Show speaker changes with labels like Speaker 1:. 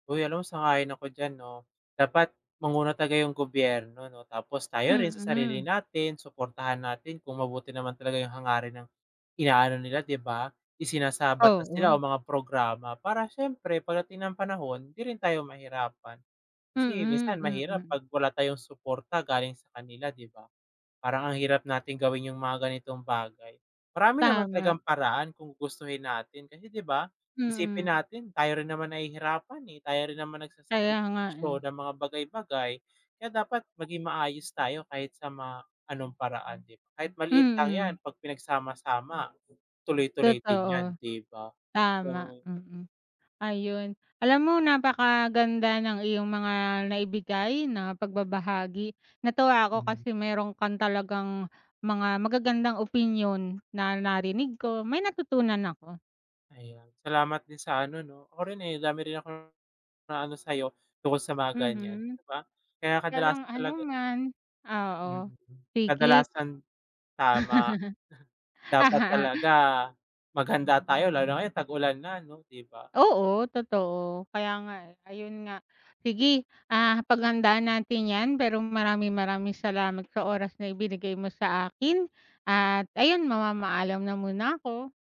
Speaker 1: Uy, ano sang-ayon ako diyan 'no. Dapat manguna talaga yung gobyerno 'no, tapos tayo rin sa sarili
Speaker 2: Mm.
Speaker 1: natin suportahan natin kung mabuti naman talaga yung hangarin ng inaano nila 'di ba, isinasabatas nila o
Speaker 2: Oo.
Speaker 1: mga programa para siyempre pagdating ng panahon hindi rin tayo mahirapan. Kasi
Speaker 2: Mm,
Speaker 1: minsan mahirap
Speaker 2: mm.
Speaker 1: pag wala tayong suporta galing sa kanila, 'di ba? Parang ang hirap natin gawin yung mga ganitong bagay. Marami naman talagang
Speaker 2: Tama.
Speaker 1: paraan kung gustuhin natin, kasi 'di ba isipin
Speaker 2: Mm.
Speaker 1: natin tayo rin naman nahihirapan, eh. Tayo rin naman
Speaker 2: Kaya nga, eh.
Speaker 1: nagsasakripisyo ng mga bagay-bagay, kaya dapat maging maayos tayo kahit sa ma anong paraan 'di ba? Kahit maliit lang 'yan,
Speaker 2: Mm.
Speaker 1: pag pinagsama-sama tuloy-tuloy din 'yan,
Speaker 2: Totoo.
Speaker 1: 'di ba?
Speaker 2: Tama,
Speaker 1: 'Yong
Speaker 2: mm. Ayon, alam mo napakaganda ng iyong mga naibigay na pagbabahagi. Natuwa ako
Speaker 1: Hmm.
Speaker 2: kasi meron kang talagang mga magagandang opinyon na narinig ko, may natutunan ako.
Speaker 1: Ayon. Salamat din sa ano 'no, ako rin, eh, dami rin akong naano sa'yo, tungkol sa mga ganyan
Speaker 2: Mhm.
Speaker 1: 'di ba? Kaya
Speaker 2: Walang
Speaker 1: kadalasan talaga
Speaker 2: anuman. Oo,
Speaker 1: mm,
Speaker 2: sige.
Speaker 1: kadalasan tama. Dapat talaga maghanda tayo, lalo ngayon tag-ulan na ano, 'di ba?
Speaker 2: Oo, totoo. Kaya nga, eh. Ayon nga. Sige, ah, paghandaan natin 'yan. Pero maraming, maraming salamat sa oras na ibinigay mo sa akin at ayon, mamamaalam na muna ako.